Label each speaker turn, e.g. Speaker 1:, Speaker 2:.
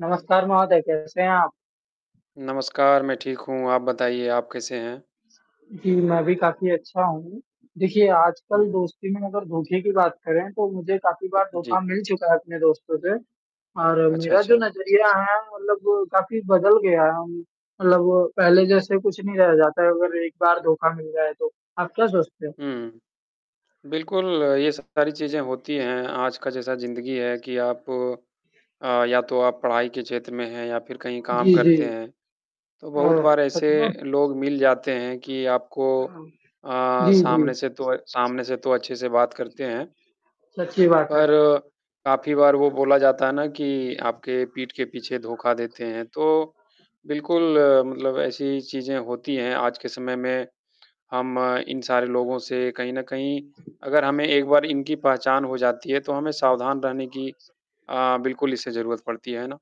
Speaker 1: नमस्कार महोदय, कैसे हैं आप?
Speaker 2: नमस्कार, मैं ठीक हूँ। आप बताइए आप कैसे हैं?
Speaker 1: जी, मैं भी काफ़ी अच्छा हूँ, देखिए आजकल
Speaker 2: हुँ, हुँ।
Speaker 1: दोस्ती में अगर धोखे की बात करें, तो मुझे काफ़ी बार
Speaker 2: जी।
Speaker 1: धोखा मिल चुका है अपने दोस्तों से, और
Speaker 2: अच्छा,
Speaker 1: मेरा जो
Speaker 2: अच्छा।
Speaker 1: नज़रिया है मतलब काफ़ी बदल गया अम, मतलब वो पहले जैसे कुछ नहीं रह जाता है अगर एक बार धोखा मिल जाए तो आप क्या सोचते हो?
Speaker 2: हुँ, बिल्कुल ये सब सारी चीज़ें होती हैं आज का जैसा ज़िंदगी है कि आप अ, या तो आप पढ़ाई के क्षेत्र में हैं या फिर कहीं काम
Speaker 1: जी, जी।
Speaker 2: करते हैं, तो बहुत
Speaker 1: ओह!
Speaker 2: बार
Speaker 1: सच
Speaker 2: ऐसे
Speaker 1: में?
Speaker 2: लोग मिल जाते हैं कि आपको
Speaker 1: हाँ,
Speaker 2: अ,
Speaker 1: जी,
Speaker 2: सामने
Speaker 1: जी।
Speaker 2: से तो सामने से तो अच्छे से बात करते हैं,
Speaker 1: सच्ची बात है।
Speaker 2: पर काफ़ी बार वो बोला जाता है ना कि आपके पीठ के पीछे धोखा देते हैं, तो बिल्कुल, मतलब ऐसी चीज़ें होती हैं आज के समय में, हम इन सारे लोगों से कहीं न कहीं अगर हमें एक बार इनकी पहचान हो जाती है, तो हमें सावधान रहने की अ, बिल्कुल इससे ज़रूरत पड़ती, है ना?